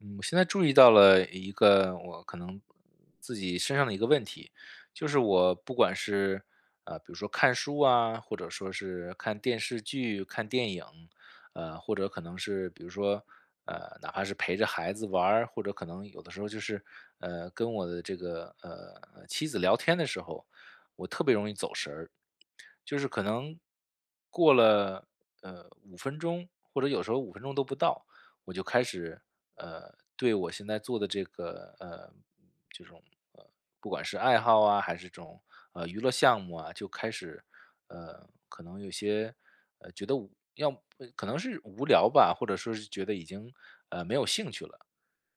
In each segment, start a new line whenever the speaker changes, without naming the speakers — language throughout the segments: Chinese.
嗯，我现在注意到了一个我可能自己身上的一个问题，就是我不管是，呃，比如说看书啊，或者说是看电视剧，看电影，呃，或者可能是比如说，呃，哪怕是陪着孩子玩儿，或者可能有的时候就是，呃，跟我的这个，呃，妻子聊天的时候，我特别容易走神儿。就是可能过了，呃，5分钟，或者有时候5分钟都不到，我就开始，呃，对我现在做的这个，呃，这种，呃，不管是爱好啊，还是这种，呃，娱乐项目啊，就开始，呃，可能有些，呃，觉得无要么可能是无聊吧，或者是觉得已经，呃，没有兴趣了。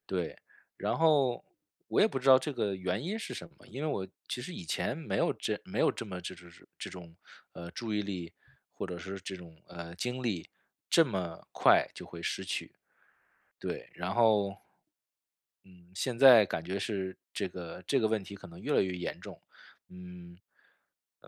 对，然后我也不知道这个原因是什么，因为我其实以前没有这没有这么这这这这种，呃，注意力，或者是这种，呃，精力这么快就会失去。对，然后嗯，现在感觉是这个这个问题可能越来越严重。嗯，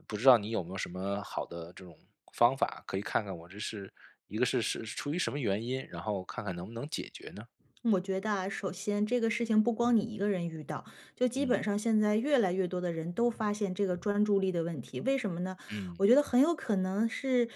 不知道你有没有什么好的这种方法，可以看看我这是，一个是是出于什么原因，然后看看能不能解决呢？
我觉得啊，首先这个事情不光你一个人遇到，就基
嗯。
本上现在越来越多的人都发现这个专注力的问题，为什么呢？
嗯。
我觉得很有可能是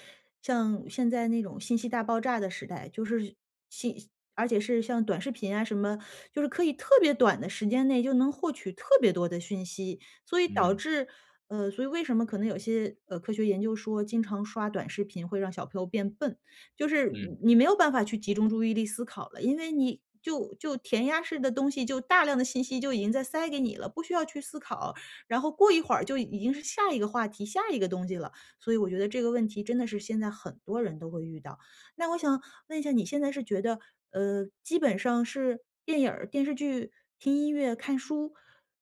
像现在那种信息大爆炸的时代，就是信而且是像短视频啊什么，就是可以特别短的时间内就能获取特别多的讯息，所以导
嗯。
致呃，所以为什么可能有些，呃，科学研究说经常刷短视频会让小朋友变笨。就是你
嗯。
你没有办法去集中注意力思考了，因为你就就填鸭式的东西，就大量的信息就已经在塞给你了，不需要去思考。然后过一会儿就已经是下一个话题，下一个东西了。所以我觉得这个问题真的是现在很多人都会遇到。那我想问一下，你现在是觉得，呃，基本上是电影儿，电视剧，听音乐，看书，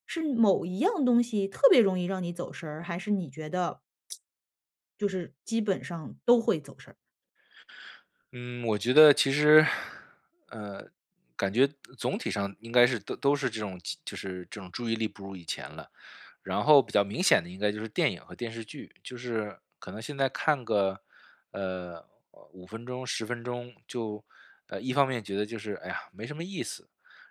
是某一样东西特别容易让你走神儿，还是你觉得，就是基本上都会走神儿。
嗯，我觉得其实，呃，感觉总体上应该是都都是这种，就是这种注意力不如以前了。然后比较明显的应该就是电影和电视剧，就是可能现在看个，呃，5分钟、10分钟，就，呃，一方面觉得就是，哎呀没什么意思，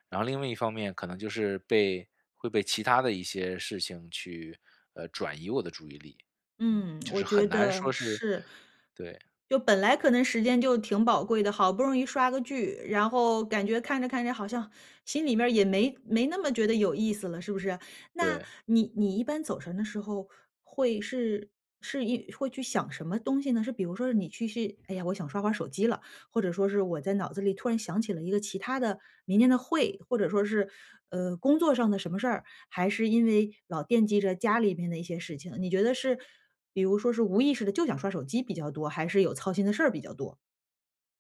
然后另外一方面可能就是被会被其他的一些事情去，呃，转移我的注意力，嗯，
嗯，
就
我
是很
觉
难
得
说是
是。
对。
就本来可能时间就挺宝贵的，好不容易刷个剧，然后感觉看着看着好像心里面儿也没没那么觉得有意思了，是不是？那
对。
你你一般走神的时候会是是一会是想什么东西呢？是比如说是你其实是，哎呀，我想刷会儿手机了。或者说是我在脑子里突然想起了一个其他的明天的会，或者说是，呃，工作上的什么事儿，还是因为老惦记着家里面的一些事情，你觉得是，比如说是无意识地就想刷手机比较多，还是有操心的事儿比较多。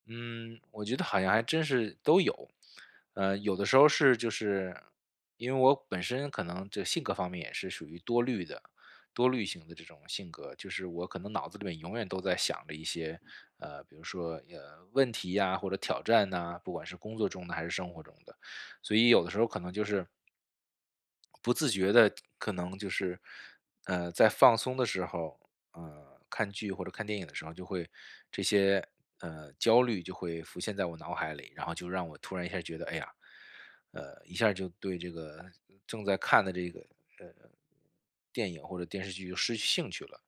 嗯，我觉得好像还真是都有。呃，有的时候是就是因为我本身可能这性格方面也是属于多虑的多虑型的这种性格。就是我可能脑子里面永远都在想着一些，呃，比如说，呃，问题啊、或者挑战啊，不管是工作中的还是生活中的。所以有的时候可能就是不自觉地可能就是，呃，在放松的时候，呃，看剧或者看电影的时候，就会这些，呃，焦虑就会浮现在我脑海里。然后就让我突然一下觉得，哎呀，呃，一下就对这个正在看的这个，呃，电影或者电视剧就失去兴趣了，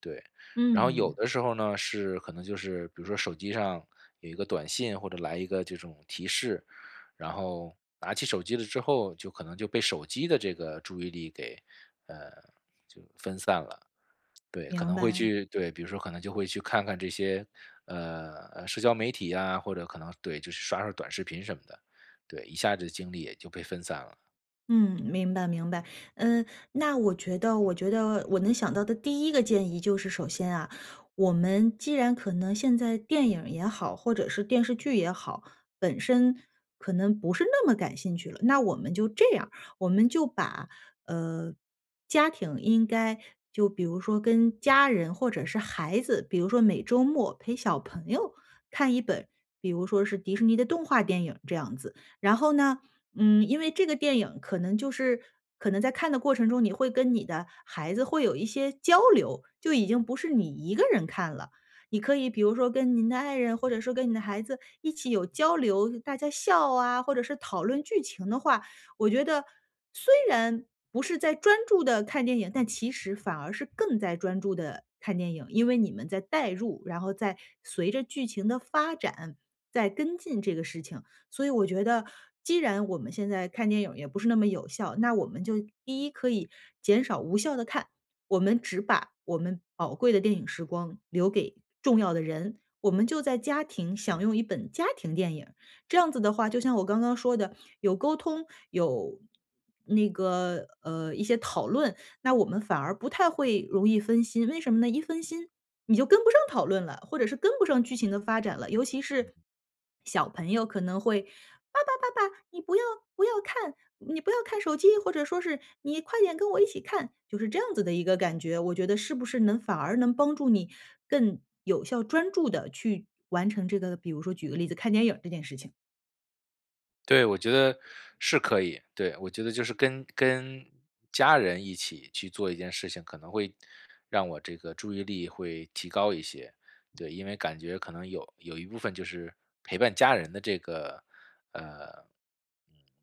对。然后有
嗯。
的时候呢是可能就是比如说手机上，有一个短信或者来一个这种提示，然后拿起手机了之后，就可能就被手机的这个注意力给啊，就分散了。对，可
明
能会
白。
去对，比如说可能就会去看看这些，呃，社交媒体啊，或者可能对，就是刷刷短视频什么的，对，一下子精力也就被分散了。
嗯，明白明白。嗯，那我觉得我觉得我能想到的第一个建议就是首先啊，我们既然可能现在电影也好，或者是电视剧也好，本身可能不是那么感兴趣了。那我们就这样，我们就把，呃，家庭应该就比如说跟家人或者是孩子，比如说每周末陪小朋友看一本，比如说是迪士尼的动画电影这样子。然后呢，嗯，因为这个电影可能就是可能在看的过程中，你会跟你的孩子会有一些交流，就已经不是你一个人看了，你可以比如说跟您的爱人或者说跟您的孩子一起有交流，大家笑啊，或者是讨论剧情的话，我觉得虽然不是在专注地看电影，但其实反而是更在专注地看电影。因为你们在代入，然后在随着剧情的发展，在跟进这个事情。所以我觉得既然我们现在看电影也不是那么有效，那我们就一可以减少无效地看，我们只把我们宝贵的电影时光留给重要的人，我们就在家庭享用一本家庭电影。这样子的话，就像我刚刚说的，有沟通，有那个，呃，一些讨论，那我们反而不太会容易分心，为什么呢？一分心，你就跟不上讨论了，或者是跟不上剧情的发展了。尤其是
嗯。
小朋友可能会，“爸爸爸爸，你不要不要看，你不要看手机”，或者说是”你快点跟我一起看”，就是这样子的一个感觉。我觉得是不是能反而能帮助你更有效、专注地去完成这个，比如说举个例子，看电影这件事情。
对，我觉得是可以。对，我觉得就是跟跟家人一起去做一件事情，可能会让我这个注意力会提高一些，对，因为感觉可能有有一部分就是陪伴家人的这个，呃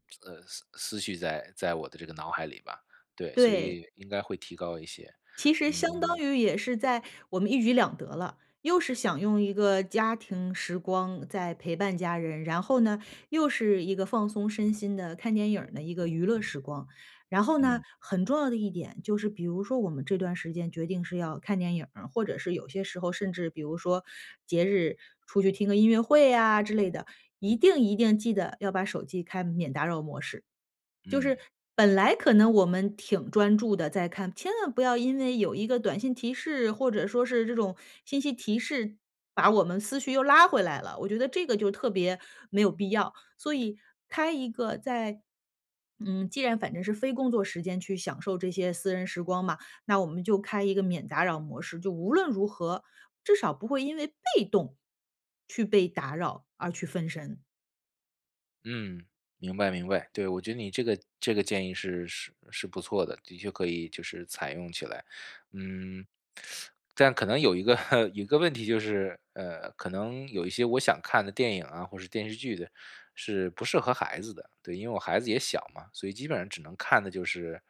呃，思思绪在在我的这个脑海里吧，对，所
对。
以应该会提高一些，
其实相当
嗯
于也是在我们一举两得了，又是想用一个家庭时光在陪伴家人，然后呢，又是一个放松身心的看电影儿的一个娱乐时光，然后呢，
嗯。
很重要的一点就是比如说我们这段时间决定是要看电影儿，或者是有些时候甚至比如说节日出去听个音乐会啊之类的，一定一定记得要把手机开免打扰模式。就是
嗯。
本来可能我们挺专注地在看，千万不要因为有1个短信提示，或者说是这种信息提示，把我们思绪又拉回来了，我觉得这个就特别没有必要，所以开一个在嗯，既然反正是非工作时间去享受这些私人时光嘛，那我们就开一个免打扰模式，就无论如何，至少不会因为被动去被打扰而去分神。
嗯，明白明白，对，我觉得你这个这个建议是是是不错的，的确可以就是采用起来。嗯，但可能有一个 有一个问题就是，呃，可能有一些我想看的电影啊或者电视剧的，是不适合孩子的。对，因为我孩子也小嘛，所以基本上只能看的就是，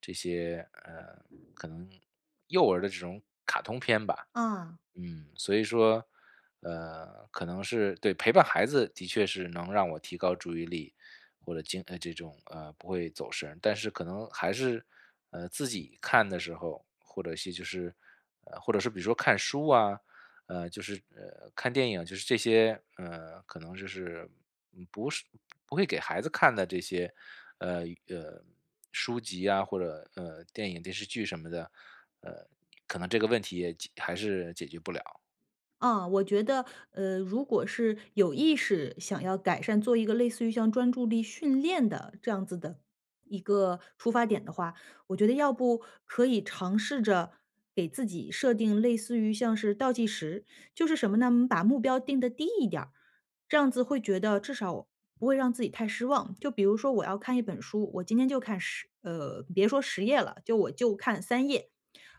这些呃，可能幼儿的这种卡通片吧。
嗯。
嗯，所以说，呃，可能是对，陪伴孩子的确是能让我提高注意力，或者经常这种，呃不会走神。但是可能还是，自己看的时候，或者说就是呃，或者是比如说看书啊，呃，就是，呃，看电影，就是这些，呃，可能就是，嗯，不是不会给孩子看的这些，呃，呃，书籍啊，或者，呃，电影、电视剧什么的、呃，可能这个问题也还是解决不了。
啊，我觉得，呃，如果是有意识想要改善，做一个类似于像专注力训练的这样子的一个出发点的话，我觉得要不可以尝试着，给自己设定类似于像是倒计时。就是什么呢？我们把目标定得低一点儿，这样子会觉得至少不会让自己太失望。就比如说我要看一本书，我今天就看10呃，别说10页了，就我就看3页。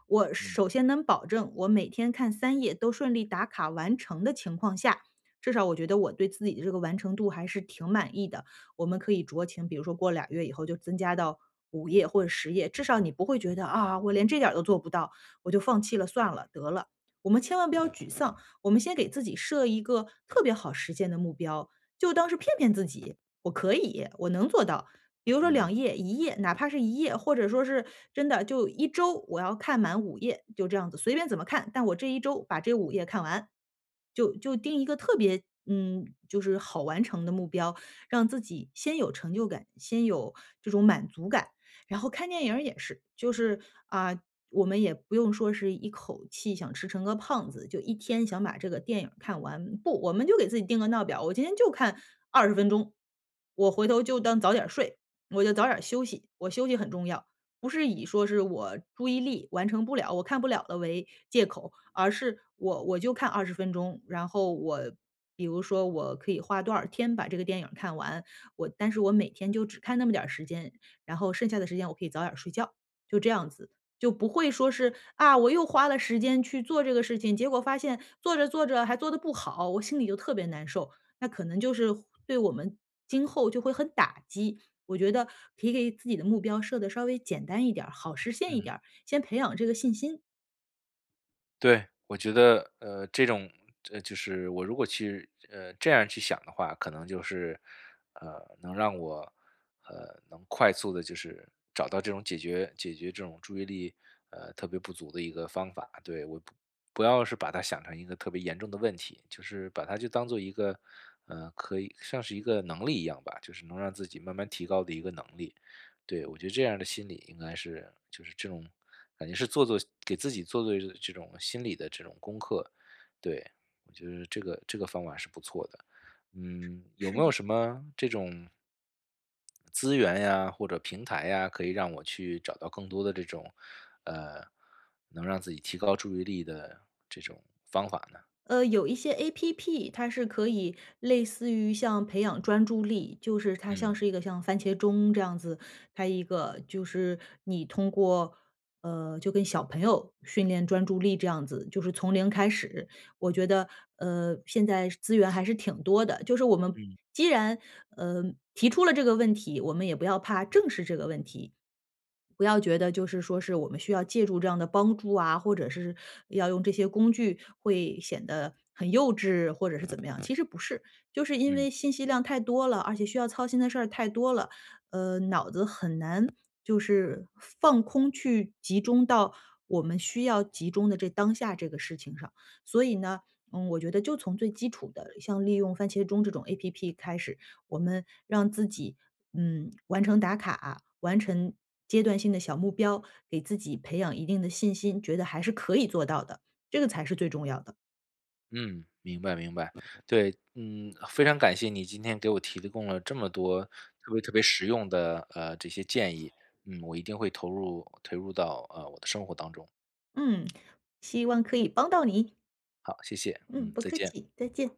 我
嗯。
首先能保证我每天看3页都顺利打卡完成的情况下，至少我觉得我对自己的这个完成度还是挺满意的。我们可以酌情，比如说过2月以后就增加到5页或者10页，至少你不会觉得，啊，我连这点都做不到，我就放弃了算了，得了。我们千万不要沮丧，我们先给自己设一个特别好实践的目标，就当是骗骗自己，我可以，我能做到。比如说
嗯。
2页1页，哪怕是1页，或者说是，真的就1周我要看满5页，就这样子，随便怎么看，但我这1周把这5页看完。就就定一个特别，嗯，就是好完成的目标，让自己先有成就感，先有这种满足感。然后看电影儿也是，就是，啊，我们也不用说是一口气想吃成个胖子，就1天想把这个电影儿看完。不，我们就给自己定个闹表，我今天就看20分钟。我回头就当早点睡，我就早点休息，我休息很重要。不是以说是我注意力完成不了，我看不了的，为借口。而是我我就看20钟，然后我比如说我可以花多少天把这个电影看完，我但是我每天就只看那么点时间，然后剩下的时间我可以早点睡觉，就这样子。就不会说是，啊，我又花了时间去做这个事情，结果发现做着做着还做得不好，我心里就特别难受。那可能就是对我们，今后就会很打击，我觉得可以给自己的目标设得稍微简单一点儿，好实现一
嗯。
点儿，先培养这个信心。
对，我觉得，呃，这种这就是我如果去，呃，这样去想的话可能就是，呃，能让我，呃，能快速地就是找到这种解决解决这种注意力，呃，特别不足的一个方法，对。我不不要是把它想成一个特别严重的问题，就是把它就当作一个呃，可以算是一个能力一样吧，就是能让自己慢慢提高的一个能力，对。我觉得这样的心理应该是就是这种感觉是做做给自己做做这这种心理的这种功课，对，我觉得这个这个方法是不错的，嗯，有
是
没有
的。
什么这种资源呀或者平台呀，可以让我去找到更多的这种，呃，能让自己提高注意力的这种方法呢？
呃，有一些 app，它是可以类似于像培养专注力，就是它
嗯。
像是一个像番茄钟这样子。还一个就是你通过呃，就跟小朋友训练专注力这样子，就是从零开始。我觉得，呃，现在资源 还是挺多的。就是我们
嗯。
既然，呃，提出了这个问题，我们也不要怕正视这个问题。不要觉得就是说是我们需要借助这样的帮助啊，或者是要用这些工具，会显得很幼稚或者是怎么样。其实不是，就是因
嗯。
为信息量太多了，而且需要操心的事儿太多了，呃，脑子很难就是放空去集中到我们需要集中的这当下这个事情上。所以呢，嗯，我觉得就从最基础的，像利用番茄钟这种 app 开始，我们让自己，嗯，完成打卡，完成阶段性的小目标，给自己培养一定的信心，觉得还是可以做到的，这个才是最重要的。
嗯，明白明白。对，嗯，非常感谢你今天给我提供了这么多特别特别实用的，呃，这些建议，嗯，我一定会投入投入到，呃，我的生活当中。
嗯，希望可以帮到你。
好，谢谢。
嗯，
嗯，
不
再
客
见。
气，再见。